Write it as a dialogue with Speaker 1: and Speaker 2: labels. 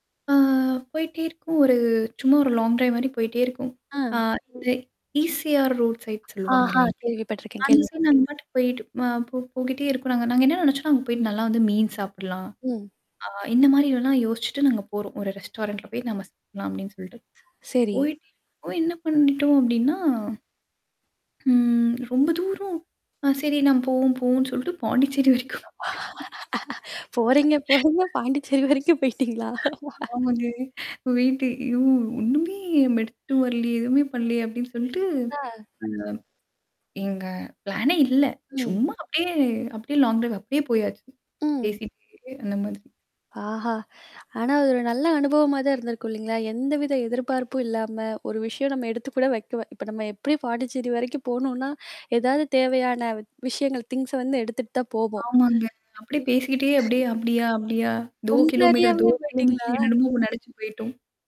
Speaker 1: ஆ போயிட்டே இருக்கும். ஒரு சும்மா ஒரு லாங் டிரைவ் மாதிரி போயிட்டே இருக்கும். அ
Speaker 2: அ.
Speaker 1: இந்த ஈசிஆர் ரோட் சைட் சொல்லுவாங்க
Speaker 2: ஆஹா!
Speaker 1: இல்லலைங்க,
Speaker 2: கேள்விப்பட்டிருக்கேன்
Speaker 1: அந்த
Speaker 2: கேள்வி
Speaker 1: சைடு நாங்க பாட்டுக்கு போயிட்டு போகிட்டே இருக்கோம். நாங்க நாங்க என்ன நினைச்சோன்னா அங்கே போயிட்டு நல்லா வந்து மீன் சாப்பிடலாம்.
Speaker 2: ம்.
Speaker 1: அ இந்த மாதிரி எல்லாம் யோசிச்சுட்டு, நாங்க போறோம். ஒரு ரெஸ்டாரண்ட்டில போய் நம்ம சாப்பிடலாம் அப்படின்னு சொல்லிட்டு.
Speaker 2: சரி.
Speaker 1: போய், போய் என்ன பண்ணிட்டோம் அப்படின்னா, ம் ரொம்ப தூரம், சரி நாம் போவோம் போவோம்ன்னு சொல்லிட்டு பாண்டிச்சேரி வரைக்கும்
Speaker 2: போறீங்க, போறீங்க. பாண்டிச்சேரி வரைக்கும் போயிட்டீங்களா?
Speaker 1: ஆமாங்க. வெயிட் ஐயோ! ஒண்ணுமே நம்ம எடுத்துட்டு வரலையே, எதுவுமே பண்ணலையே அப்படின்னு சொல்லிட்டு
Speaker 2: ஆ.
Speaker 1: எங்க பிளான்னே இல்லை.
Speaker 2: ம்.
Speaker 1: சும்மா அப்படியே அப்படியே லாங் டிரைவ் அப்படியே போயாச்சு.
Speaker 2: ம்.
Speaker 1: பேசிட்டே அந்த மாதிரி.
Speaker 2: ஆஹா! ஆனா, அது ஒரு நல்ல அனுபவமா தான் இருந்திருக்கும், இல்லைங்களா? எந்தவித எதிர்பார்ப்பும் இல்லாம ஒரு விஷயம் நம்ம எடுத்து கூட வைக்கவே இப்போ நம்ம எப்படி பாண்டிச்சேரி வரைக்கும் போகணுன்னா எதாவது தேவையான விஷயங்கள் திங்ஸை வந்து எடுத்துட்டு தான் போவோம்.
Speaker 1: ஆமாங்க. அப்படியே பேசிக்கிட்டே அப்படியே, அப்படியா, அப்படியா தோ
Speaker 2: உங்களை
Speaker 1: கிலோமீட்டர், தோ
Speaker 2: அறியாமேயே போயிட்டீங்களா?
Speaker 1: கிலோமீட்டர் என்னன்னமோ நினைச்சு போயிட்டோம்.